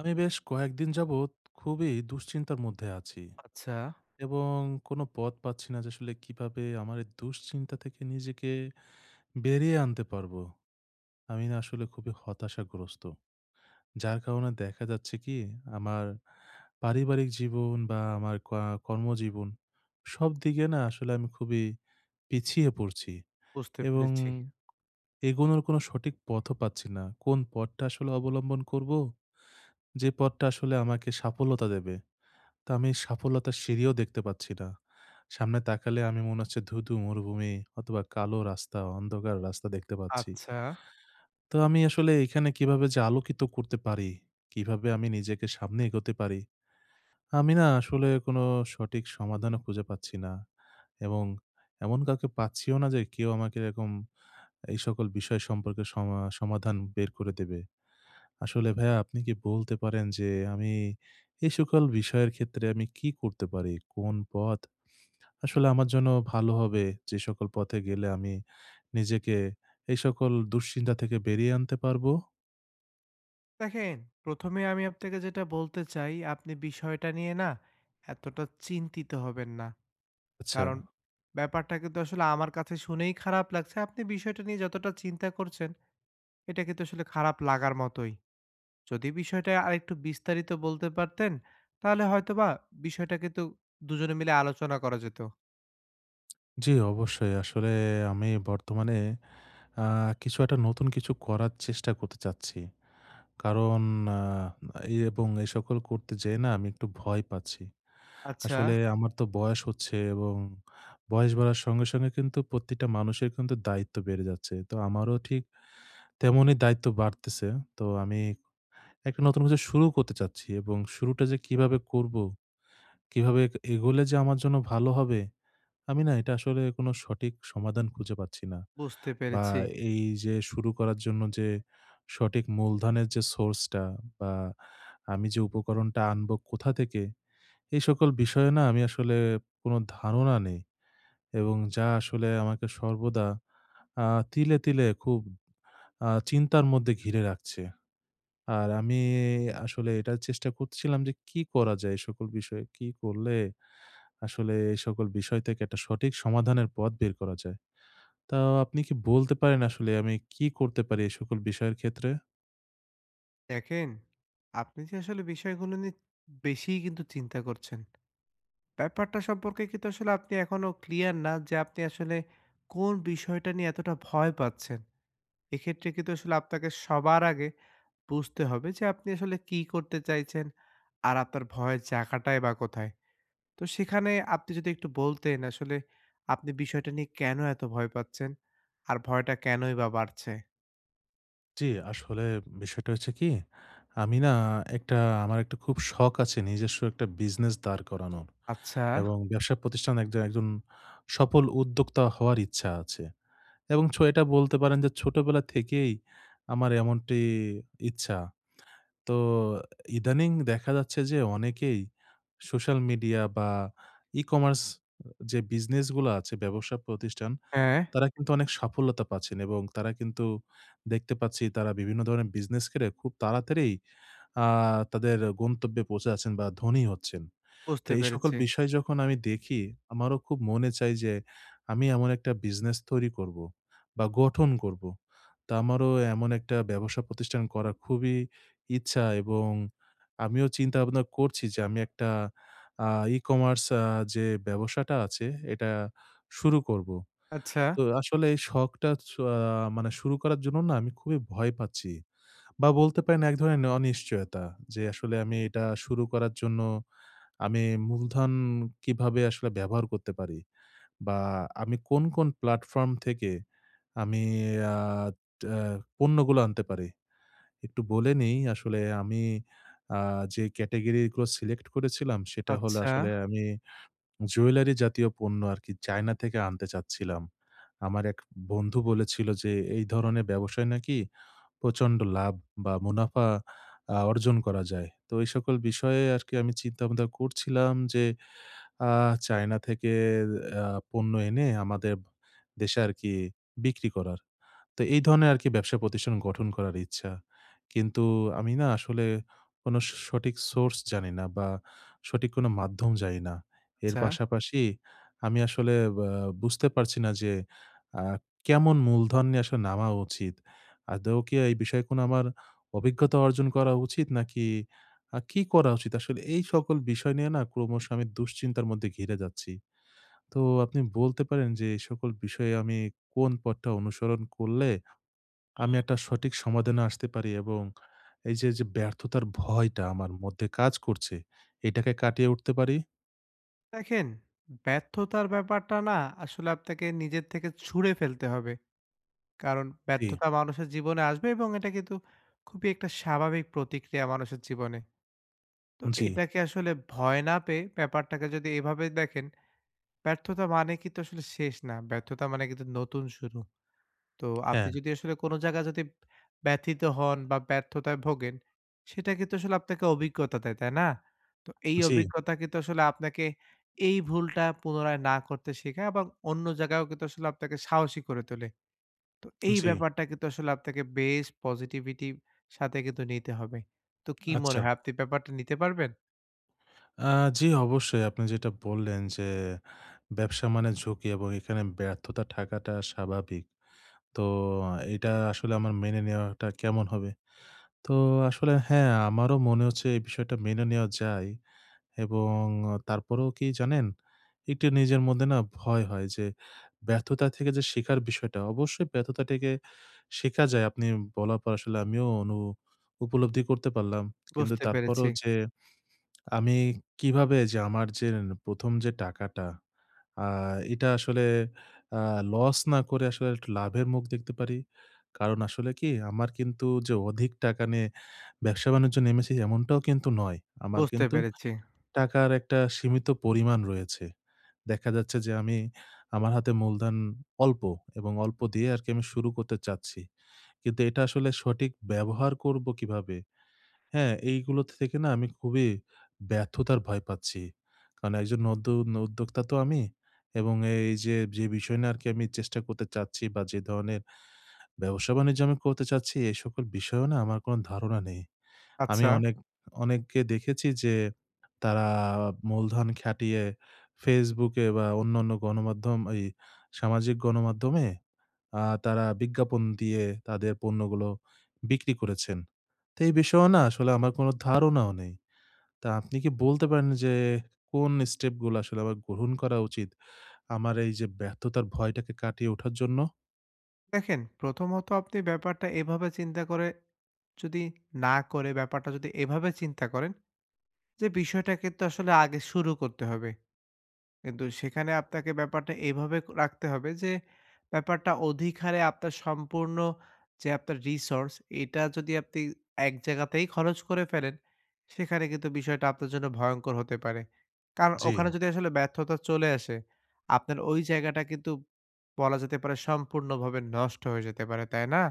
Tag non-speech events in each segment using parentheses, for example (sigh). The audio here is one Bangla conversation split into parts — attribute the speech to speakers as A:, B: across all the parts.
A: আমি বেশ কয়েকদিন যাবত, খুবই দুশ্চিন্তার মধ্যে আছি
B: আচ্ছা।
A: এবং কোন পথ পাচ্ছি না যে আসলে কিভাবে আমার এই দুশ্চিন্তা থেকে নিজেকে, বেরিয়ে আনতে পারবো। আমি না আসলে খুবই হতাশাগ্রস্ত। যার কারণে দেখা যাচ্ছে কি, আমার পারিবারিক জীবন বা আমার কা কর্মজীবন সবদিকে না আসলে আমি খুবই পিছিয়ে পড়ছি
B: বুঝতে
A: এবং
B: পেরেছি।
A: এগোনোর কোন সঠিক পথও পাচ্ছি না। কোন পথটা আসলে অবলম্বন করবো? যে পথটা আসলে আমাকে সাফল্যতা দেবে। তো আমি এই সাফল্যতা সিঁড়িও দেখতে পাচ্ছি না। সামনে তাকালে আমি মনে হচ্ছে ধু, ধু মরুভূমি অথবা কালো রাস্তা, অন্ধকার রাস্তা দেখতে পাচ্ছি।
B: আচ্ছা।
A: তো আমি আসলে এখানে কিভাবে যে আলোকিত করতে পারি, কিভাবে আমি নিজেকে সামনে এগোতে পারি, আমি না আসলে কোন সঠিক সমাধানও খুঁজে পাচ্ছি না এবং এমন কাউকে পাচ্ছিও না যে কেউ আমাকে এরকম, এই সকল বিষয় সম্পর্কে সমা সমাধান বের করে দেবে। আসলে ভাইয়া আপনি কি বলতে পারেন যে আমি, এই সকল বিষয়ের ক্ষেত্রে আমি কি করতে পারি? কোন পথ আসলে আমার জন্য ভালো হবে? যে সকল পথে গেলে আমি নিজেকে, এই সকল দুশ্চিন্তা থেকে বেরিয়ে আনতে পারবো?
B: দেখেন, প্রথমে আমি আপনাকে যেটা বলতে চাই, আপনি বিষয়টা নিয়ে না এতটা চিন্তিত হবেন না। কারণ
A: আচ্ছা।
B: ব্যাপারটা কিন্তু আসলে আমার কাছে শুনেই খারাপ লাগছে, আপনি বিষয়টা নিয়ে যতটা চিন্তা করছেন, এটা কিন্তু আসলে খারাপ লাগার মতোই। যদি বিষয়টা আরেকটু বিস্তারিত বলতে পারতেন তাহলে হয়তো বা বিষয়টা কিন্তু দুজনে মিলে আলোচনা করা যেত।
A: জি অবশ্যই। আসলে আমি বর্তমানে আ কিছু একটা নতুন কিছু করার চেষ্টা করতে চাচ্ছি। কারণ আ এবং এই সকল করতে যেয়ে না আমি একটু ভয় পাচ্ছি। আসলে
B: আচ্ছা।
A: আমার তো বয়স হচ্ছে এবং বয়স বাড়ার সঙ্গে, সঙ্গে কিন্তু প্রতিটা মানুষের কিন্তু দায়িত্ব বেড়ে যাচ্ছে। তো আমারও ঠিক তেমনি দায়িত্ব বাড়তেছে। তো আমি একটা নতুন কিছু শুরু করতে চাচ্ছি এবং শুরুটা যে কিভাবে করবো, কিভাবে এ এগোলে যে আমার জন্য ভালো হবে, আমি না এটা আসলে কোন সঠিক সমাধান খুঁজে পাচ্ছি না।
B: বুঝতে
A: বা
B: পেরেছি।
A: এই যে শুরু করার জন্য যে সঠিক মূলধনের যে source টা বা আমি যে উপকরণটা আনবো কোথা থেকে, এই সকল বিষয়ে না আমি আসলে কোন ধারণা নেই এবং যা আসলে আমাকে সর্বদা আ তিলে, তিলে খুব আ চিন্তার মধ্যে ঘিরে রাখছে। আর আমি আসলে এটা চেষ্টা করতেছিলাম যে কি করা যায়, এই সকল বিষয়ে কি করলে, আসলে এই সকল বিষয় থেকে একটা সঠিক সমাধানের পথ বের করা যায়। তা আপনি কি বলতে পারেন আসলে আমি কি করতে পারি এই সকল বিষয়ের ক্ষেত্রে?
B: দেখেন, আপনি যে আসলে বিষয়গুলো নিয়ে, বেশিই কিন্তু চিন্তা করছেন। ব্যাপারটা সম্পর্কে কিন্তু আসলে আপনি এখনও ক্লিয়ার না যে আপনি আসলে, কোন বিষয়টা নিয়ে এতটা ভয় পাচ্ছেন। এক্ষেত্রে কিন্তু আসলে আপনাকে সবার আগে বুঝতে হবে যে আপনি আসলে কী করতে চাইছেন, আর আপনার ভয়ের জায়গাটাই বা কোথায়। তো সেখানে আপনি যদি একটু বলতেন আসলে আপনি বিষয়টা নিয়ে কেন এত ভয় পাচ্ছেন? আর ভয়টা কেনই বা বাড়ছে?
A: জি, আসলে বিষয়টা হচ্ছে কি, আমি না একটা আমার একটা খুব শখ আছে নিজস্ব একটা বিজনেস দাঁড় করানোর
B: আচ্ছা!
A: এবং ব্যবসা প্রতিষ্ঠান একজন একজন সফল উদ্যোক্তা হওয়ার ইচ্ছা আছে। এবং ছো এটা বলতে পারেন যে ছোটবেলা থেকেই, আমার এমনটি ইচ্ছা। তো ইদানিং দেখা যাচ্ছে যে অনেকেই সোশ্যাল মিডিয়া বা ই-কমার্স, যে বিজনেস গুলা আছে, ব্যবসা প্রতিষ্ঠান,
B: অ্যা
A: তারা কিন্তু অনেক সাফল্যতা পাচ্ছেন এবং তারা কিন্তু দেখতে পাচ্ছি তারা বিভিন্ন ধরনের বিজনেস করে খুব তাড়াতাড়িই আ তাদের গন্তব্যে পৌঁছে যাচ্ছেন বা ধনী হচ্ছেন। তো
B: বুঝতে
A: এই সকল
B: পেরেছি।
A: বিষয় যখন আমি দেখি, আমারও খুব মনে চায় যে আমি এমন একটা বিজনেস তৈরি করব বা গঠন করব। তা আমারও এমন একটা ব্যবসা প্রতিষ্ঠান করার খুবই ইচ্ছা এবং আমিও চিন্তাভাবনা করছি যে আমি একটা, আ ই-কমার্স আ যে ব্যবসাটা আছে, এটা শুরু করব।
B: আচ্ছা।
A: তো আসলে এই শখটা ছো আ মানে শুরু করার জন্য না আমি খুবই ভয় পাচ্ছি বা বলতে পারেন এক ধরনের অনিশ্চয়তা, যে আসলে আমি এটা শুরু করার জন্য, আমি মূলধন কিভাবে আসলে ব্যবহার করতে পারি বা আমি কোন, কোন প্ল্যাটফর্ম থেকে আমি আ ট্যা পণ্যগুলা আনতে পারি। একটু বলে নেই আসলে আমি আ যে ক্যাটেগরিগুলা সিলেক্ট করেছিলাম সেটা হল
B: আচ্ছা।
A: আসলে আমি জুয়েলারি জাতীয় পণ্য আরকি চায়না থেকে আনতে চাচ্ছিলাম। আমার এক বন্ধু বলেছিল যে এই ধরনের ব্যবসায় নাকি, প্রচণ্ড লাভ বা মুনাফা আ অর্জন করা যায়। তো এই সকল বিষয়ে আরকি আমি চিন্তাভাবনা করছিলাম যে আ চায়না থেকে অ্যা পণ্য এনে আমাদের দেশে আরকি বিক্রি করার। তো এই ধরনের আরকি ব্যবসা প্রতিষ্ঠান গঠন করার ইচ্ছা। কিন্তু আমি না আসলে কোনো স সঠিক সোর্স জানিনা বা সঠিক কোনো মাধ্যম জানিনা। এর
B: ছা।
A: পাশাপাশি আমি আসলে আ বুঝতে পারছি না যে, আ কেমন মূলধন নিয়ে আসলে নামা উচিত। আদৌ কি এই বিষয়ে কোনো আমার অভিজ্ঞতা অর্জন করা উচিত নাকি? আ কি করা উচিত আসলে? এই সকল বিষয় নিয়ে না ক্রমশ আমি দুশ্চিন্তার মধ্যে ঘিরে যাচ্ছি। তো আপনি বলতে পারেন যে এই সকল বিষয়ে আমি কোন পথটা অনুসরণ করলে, আমি একটা সঠিক সমাধানে আসতে পারি এবং এইযে যে ব্যর্থতার ভয়টা আমার মধ্যে কাজ করছে, এটাকে কাটিয়ে উঠতে পারি?
B: দেখেন, ব্যর্থতার ব্যাপারটা না আসলে আপনাকে নিজের থেকে ছুড়ে ফেলতে হবে। কারণ
A: জ্বী।
B: ব্যর্থতা মানুষের জীবনে আসবে এবং এটা কিন্তু খুবই একটা স্বাভাবিক প্রতিক্রিয়া মানুষের জীবনে। তো
A: জ্বী।
B: এটাকে আসলে ভয় না পেয়ে ব্যাপারটাকে যদি এভাবে দেখেন, ব্যর্থতা মানে কিন্তু আসলে শেষ না, ব্যর্থতা মানে কিন্তু নতুন শুরু। তো আপনি
A: হ্যাঁ।
B: যদি আসলে কোনো জায়গায় যদি ব্যথিত হোন বা ব্যর্থতায় ভোগেন, সেটা কিন্তু আসলে আপনাকে অভিজ্ঞতা দেয়, তাই না? তো এই
A: জ্বী।
B: অভিজ্ঞতা কিন্তু আসলে আপনাকে এই ভুলটা পুনরায় না করতে শেখায় আবার অন্য জায়গায়ও কিন্তু আসলে আপনাকে সাহসী করে তোলে। তো এই
A: জ্বী।
B: ব্যাপারটা কিন্তু আসলে আপনাকে বেশ পসিটিভিটি সাথে কিন্তু নিতে হবে। তো কী মনে
A: আচ্ছা।
B: হয় আপনি ব্যাপারটা নিতে পারবেন?
A: আ জ্বী, অবশ্যই। আপনি যেটা বল্লেন যে, ব্যবসা মানে ঝুঁকি এবং এখানে ব্যর্থতা থাকাটা স্বাভাবিক। তো এটা আসলে আমার মেনে নেওয়াটা কেমন হবে? তো আসলে হ্যাঁ, আমারও মনে হচ্ছে এই বিষয়টা মেনে নেওয়া যায় এবং তারপরেও কী জানেন? একটু নিজের মধ্যে না ভয় হয়, যে ব্যর্থতা থেকে যে শেখার বিষয়টা। অবশ্যই ব্যর্থতা থেকে শেখা যায়, আপনি বলার পর আসলে আমিও অনু উপলব্ধি করতে পারলাম। কিন্তু
B: বুঝতে পেরেছি।
A: তারপরও যে আমি কিভাবে যে আমার যে প্রথম যে টাকাটা, আ এটা আসলে, আ লছ না করে আসলে একটু লাভের মুখ দেখতে পারি। কারণ আসলে কী? আমার কিন্তু যে অধিক টাকা নিয়ে ব্যবসা-বাণিজ্য নেমেছি এমনটাও কিন্তু নয়। আমার
B: বুঝতে
A: কিন্তু
B: পেরেছি।
A: টাকার একটা সীমিত পরিমাণ রয়েছে। দেখা যাচ্ছে যে আমি আমার হাতে মূলধন অল্প এবং অল্প দিয়ে আরকি আমি শুরু করতে চাচ্ছি। কিন্তু এটা আসলে সঠিক ব্যবহার করবো কীভাবে? হ্যাঁ, এইগুলো থেকে না আমি খুবই ব্যর্থতার ভয় পাচ্ছি। কারণ একজন নতুন উদ্যোক্তা তো আমি এবং এই যে যে বিষয় নিয়ে আরকি আমি চেষ্টা করতে চাচ্ছি বা যে ধরনের ব্যবসা-বাণিজ্য আমি করতে চাচ্ছি, এই সকল বিষয়ে না আমার কোনো ধারণা নেই। আমি
B: আচ্ছা।
A: অনেক, অনেককে দেখেছি, যে তারা মূলধন খাটিয়ে Facebook এ বা অন্যান্য গণমাধ্যম, এই সামাজিক গণমাধ্যমে, আ তারা বিজ্ঞাপন দিয়ে তাদের পণ্যগুলো বিক্রি করেছেন। তে এই বিষয়েও না আসলে আমার কোনো ধারণাও নেই। তা আপনি কী বলতে পারেন, যে কোন স্টেপ গুলো আসলে আমার গ্রহণ করা উচিত, আমার এই যে ব্যর্থতার ভয়টাকে কাটিয়ে ওঠার জন্য?
B: দেখেন, প্রথমত আপনি ব্যাপারটা এভাবে চিন্তা করে, যদি না করে ব্যাপারটা যদি এভাবে চিন্তা করেন, যে বিষয়টাকে কিন্তু আসলে আগে শুরু করতে হবে। কিন্তু সেখানে আপনাকে ব্যাপারটা এভাবে রাখতে হবে যে, ব্যাপারটা অধিকারে আপনার সম্পূর্ণ যে আপনার resource এটা যদি আপনি এক জায়গাতেই খরচ করে ফেলেন, সেখানে কিন্তু বিষয়টা আপনার জন্য ভয়ঙ্কর হতে পারে। তার ওখানে
A: জি।
B: যদি আসলে ব্যর্থতা চলে আসে। আপনার ওই জায়গাটা কিন্তু বলা যেতে পারে সম্পূর্ণভাবে নষ্ট হয়ে যেতে পারে, তাই না?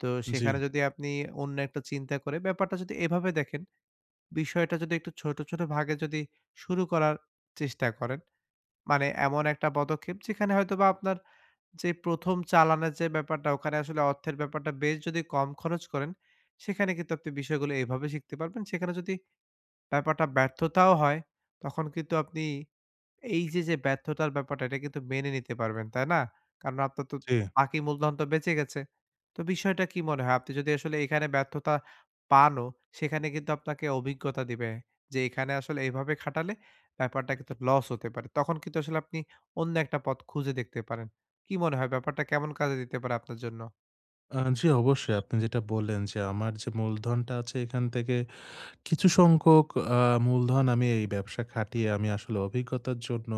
B: তো
A: জি।
B: সেখানে যদি আপনি অন্য একটা চিন্তা করে ব্যাপারটা যদি এভাবে দেখেন, বিষয়টা যদি একটু ছোট, ছোট ভাগে যদি শুরু করার চেষ্টা করেন। মানে এমন একটা পদক্ষেপ যেখানে হয়তোবা আপনার যে প্রথম চালানের যে ব্যাপারটা, ওখানে আসলে অর্থের ব্যাপারটা বেশ যদি কম খরচ করেন, সেখানে কিন্তু আপনি বিষয়গুলো এভাবে শিখতে পারবেন। সেখানে যদি, ব্যাপারটা ব্যর্থতাও হয়, তখন কিন্তু আপনি এই যে, যে ব্যর্থতার ব্যাপারটা এটা কিন্তু মেনে নিতে পারবেন, তাই না? কারণ আপনার তো
A: জি।
B: বাকি মূলধন তো বেঁচে গেছে। তো বিষয়টা কি মনে হয়? আপনি যদি আসলে এখানে ব্যর্থতা পানও সেখানে কিন্তু আপনাকে অভিজ্ঞতা দিবে, যে এখানে আসলে এভাবে খাটালে ব্যাপারটা কিন্তু loss হতে পারে। তখন কিন্তু আসলে আপনি অন্য একটা পথ খুঁজে দেখতে পারেন। কি মনে হয় ব্যাপারটা কেমন কাজে দিতে পারে আপনার জন্য?
A: আ জি অবশ্যই। আপনি যেটা বললেন যে আমার যে মূলধনটা আছে এখান থেকে কিছু সংখ্যক, আ মূলধন আমি এই ব্যবসা খাটিয়ে আমি আসলে অভিজ্ঞতার জন্য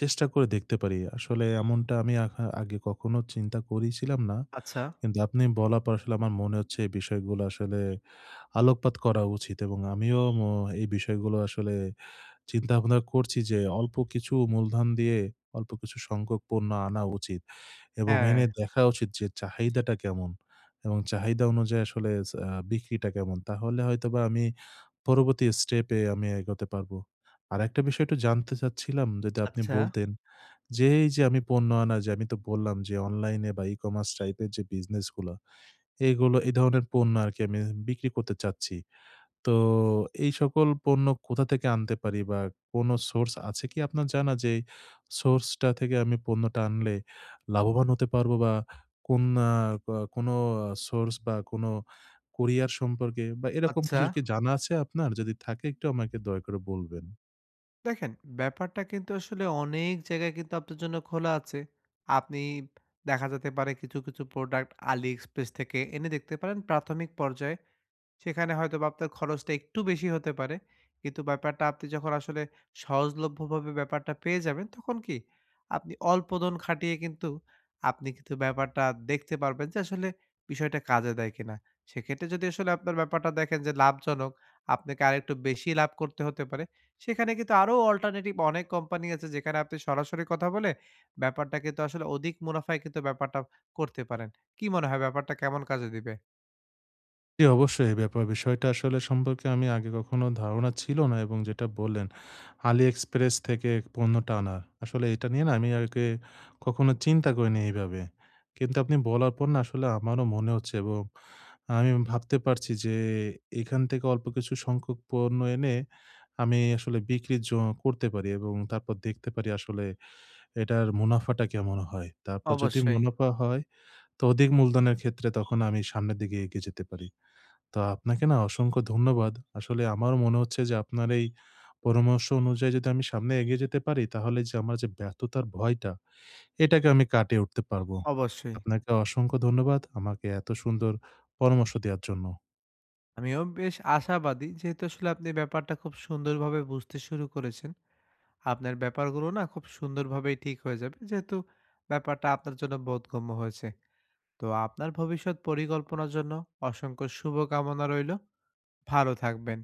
A: চেষ্টা করে দেখতে পারি। (whistles) আসলে এমনটা আমি আগে কখনো চিন্তা করেছিলাম না।
B: আচ্ছা।
A: কিন্তু আপনি বলার পর আসলে আমার মনে হচ্ছে এই বিষয়গুলো আসলে আলোকপাত করা উচিত এবং (whistles) আমিও অ এই বিষয়গুলো আসলে চিন্তাভাবনা করছি (whistles) যে অল্প কিছু মূলধন দিয়ে অল্প কিছু সংখ্যক পণ্য আনা উচিত এবং এনে
B: হ্যাঁ।
A: দেখা উচিত যে চাহিদাটা কেমন এবং চাহিদা অনুযায়ী আসলে চ আ বিক্রিটা কেমন। তাহলে হয়তোবা আমি পরবর্তী step-এ আমি এগোতে পারব। আর একটা বিষয় একটু জানতে চাচ্ছিলাম যেটা আপনি
B: আচ্ছা।
A: বলতেন, যে এই যে আমি পণ্য আনা, যে আমি তো বললাম যে online-এ বা e-commerce (whistles) type-এর যে business গুলো, এগুলো এই ধরনের পণ্য আর কি আমি বিক্রি করতে চাচ্ছি। তো এই সকল পণ্য কোথা থেকে আনতে পারি বা কোন source আছে কি আপনার জানা যে source টা থেকে আমি পণ্যটা আনলে লাভবান হতে পারব বা কোন না আ কোন আ source বা কোন courier সম্পর্কে বা এরকম কিছু
B: আচ্ছা।
A: কি জানা আছে আপনার? যদি থাকে একটু আমাকে দয়া করে বলবেন।
B: দেখেন, ব্যাপারটা কিন্তু আসলে অনেক জায়গায় কিন্তু আপনার জন্য খোলা আছে। আপনি দেখা যেতে পারে, কিছু, কিছু product AliExpress থেকে এনে দেখতে পারেন প্রাথমিক পর্যায়ে। সেখানে হয়তোবা আপনার খরচটা একটু বেশি হতে পারে। কিন্তু ব্যাপারটা, আপনি যখন আসলে সহজলভ্য ভাবে ব্যাপারটা পেয়ে যাবেন, তখন কি আপনি অল্প ধোন খাটিয়ে কিন্তু, আপনি কিন্তু ব্যাপারটা দেখতে পারবেন যে, আসলে বিষয়টা কাজে দেয় কিনা? সেক্ষেত্রে যদি আসলে আপনার ব্যাপারটা দেখেন যে লাভজনক, আপনাকে আরেকটু বেশি লাভ করতে হতে পারে। সেখানে কিন্তু আরও alternative অনেক company আছে, যেখানে আপনি সরাসরি কথা বলে, ব্যাপারটা কিন্তু আসলে অধিক মুনাফায় কিন্তু ব্যাপারটা করতে পারেন। কি মনে হয়, ব্যাপারটা কেমন কাজে দিবে?
A: জি, অবশ্যই, এই ব্যাপার, বিষয়টা আসলে সম্পর্কে আমি আগে কখনো ধারণা ছিল না এবং যেটা বললেন, AliExpress থেকে পণ্যটা আনা, আসলে এটা নিয়ে না আমি আগে কখনো চিন্তা করি নাই এইভাবে। কিন্তু আপনি বলার পর না, আসলে আমারও মনে হচ্ছে এবং আমি ভাবতে পারছি যে, এখান থেকে অল্প কিছু সংখ্যক পণ্য এনে, আমি আসলে বিক্রি জ করতে পারি। এবং তারপর দেখতে পারি, আসলে এটার মুনাফাটা কেমন হয়? তারপর যদি
B: অবশ্যই।
A: মুনাফা হয়, তো অধিক মূলধনের ক্ষেত্রে তখন আমি সামনের দিকে এগিয়ে যেতে পারি। তো আপনাকে না অসংখ্য ধন্যবাদ। আসলে আমারও মনে হচ্ছে যে, আপনার এই পরামর্শ অনুযায়ী যদি আমি সামনে এগিয়ে যেতে পারি, তাহলে যে আমার যে ব্যর্থতার ভয়টা, এটাকে আমি কাটিয়ে উঠতে পারব।
B: অবশ্যই।
A: আপনাকে অসংখ্য ধন্যবাদ, আমাকে এত সুন্দর পরামর্শ দেয়ার জন্য।
B: আমিও বেশ আশাবাদী, যেহেতু আসলে আপনি ব্যাপারটা খুব সুন্দরভাবে বুঝতে শুরু করেছেন। আপনার ব্যাপারগুলো না খুব সুন্দরভাবেই ঠিক হয়ে যাবে, যেহেতু ব্যাপারটা আপনার জন্য বোধগম্য হয়েছে। তো, আপনার ভবিষ্যৎ পরিকল্পনার জন্য অসংখ্য শুভকামনা রইল। ভালো থাকবেন।